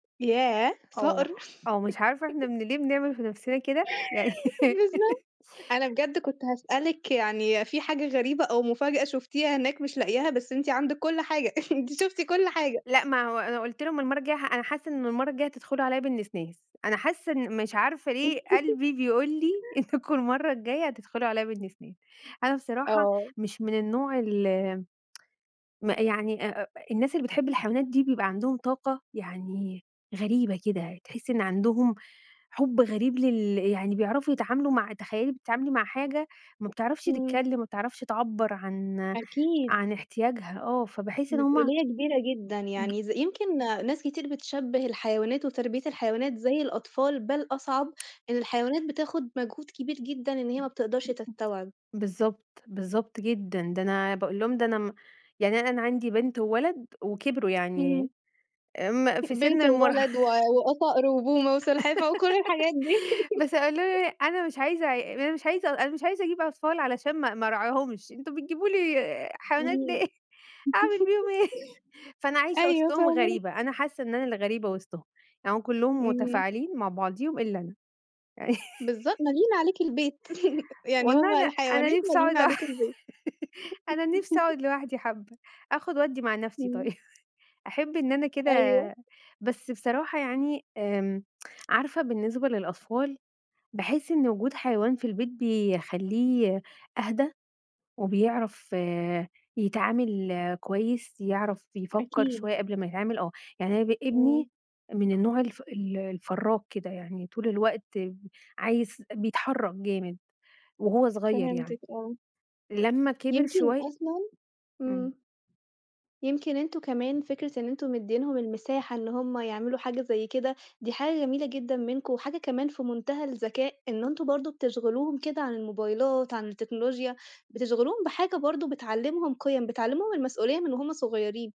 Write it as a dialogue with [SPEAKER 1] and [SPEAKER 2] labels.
[SPEAKER 1] ياه صقر!
[SPEAKER 2] آه، آه مش عارفة إحنا من ليه بنعمِل في نفسنا كده. يعني
[SPEAKER 1] بالضبط، أنا بجد كنت هاسألِك يعني في حاجة غريبة، أو مفاجأة شُفتيها هناك مش لاقياها، بس أنتِ عندِك كل حاجة أنتِ شُفتِ كل حاجة.
[SPEAKER 2] لأ ما هو أنا قُلت لهم المرّة الجاية ح أنا حاسة إن المرّة الجاية هتدخلوا عليَّ بالنسناس، أنا حاسة إن مش عارفة ليه قلبي بيقُول لي
[SPEAKER 1] [unintelligible]
[SPEAKER 2] إنكم المرّة الجاية هتدخلوا عليَّ بالنسناس. أنا بصراحة
[SPEAKER 1] آه.
[SPEAKER 2] مش من النوع ال ما يعني أ أ الناس اللي بتحب الحيوانات دي بيبقى عندهم طاقة يعني غريبة كده، تحسي إن عندهم حُب غريب لل يعني بيعرفوا يتعاملوا مع تخيلي بتتعاملي مع حاجة ما بتعرفش
[SPEAKER 1] إمم.
[SPEAKER 2] تتكلم، ما بتعرفش تعبّر عن
[SPEAKER 1] أكيد.
[SPEAKER 2] عن احتياجها، آه، فباحس إن هُم
[SPEAKER 1] مسؤولية كبيرة جدًا
[SPEAKER 2] [unintelligible]
[SPEAKER 1] يعني ز يمكن ناس كتير بتشبِه الحيوانات، وتربية الحيوانات زي الأطفال، بل أصعب. الحيوانات بتاخد مجهود كبير جدًا إن هي ما بتقدرش تستوعب.
[SPEAKER 2] بالضبط، بالضبط جدًا، ده أنا باقول لهم ده أنا م يعني أن أنا عندي بنت وولد وكبروا يعني
[SPEAKER 1] إمم.
[SPEAKER 2] امم، في سِن
[SPEAKER 1] بنت
[SPEAKER 2] المراه
[SPEAKER 1] وولد و وآه صقر وبومه وسلحفة وكل الحاجات دي.
[SPEAKER 2] بس قالوا لي أنا مش عايزة عي أنا مش عايزة أنا مش عايزة أجيب أطفال علشان ما ما أرعاهمش، أنتم بتجيبوا لي حيوانات
[SPEAKER 1] إمم،
[SPEAKER 2] ليه، أعمل بيهم إيه؟ فأنا عايشة
[SPEAKER 1] أيوه
[SPEAKER 2] وسطهم
[SPEAKER 1] فاهماكِ.
[SPEAKER 2] غريبة، أنا حاسة إن أنا اللي غريبة وسطهم، يع هُم كلّهم
[SPEAKER 1] امم.
[SPEAKER 2] متفاعلين مع بعضهم إلا أنا.
[SPEAKER 1] بالضبط، ماليين عليكِ البيت يعني هُم
[SPEAKER 2] والله أنا أنا
[SPEAKER 1] الحيوانات
[SPEAKER 2] نفسي أقعد
[SPEAKER 1] ماليين
[SPEAKER 2] لوح
[SPEAKER 1] عليكم البيت.
[SPEAKER 2] أنا نفسي أقعد لوحدي حبّة، آخد وأدّي مع نفسي طيب
[SPEAKER 1] إمم.
[SPEAKER 2] أحب إن أنا كده
[SPEAKER 1] أيوه.
[SPEAKER 2] بس بصراحة يعني آمم، عارفة بالنسبة للأطفال، باحس إن وجود حيوان في البيت بيخلّيه أهدى، وبيعرف يتعامِل كويس، يعرف يفكر
[SPEAKER 1] أكيد.
[SPEAKER 2] شوية قبل ما يتعامِل، آه، يعني أنا ب
[SPEAKER 1] إمم.
[SPEAKER 2] ابني من النوع الف ال الفرّاك كده يعني طول الوقت ب عايز بيتحرك جامد وهو صغير يعني،
[SPEAKER 1] فهمتِك آه.
[SPEAKER 2] لمّا كبر
[SPEAKER 1] يمكن
[SPEAKER 2] شوية
[SPEAKER 1] أصلًا
[SPEAKER 2] إمم.
[SPEAKER 1] إمم. يمكن أنتم كمان فكرة إن أنتم مديينهم المساحة إن هُم يعملوا حاجة زي كده، دي حاجة جميلة جدًا منكم، وحاجة كمان في منتهى الذكاء إن أنتم برضه بتشغِلوهم كده عن الموبايلات، عن التكنولوجيا، بتشغلوهم بحاجة برضه بتعلمهم قيَم، بتعلمهم المسؤولية من وهُم صغيّرين.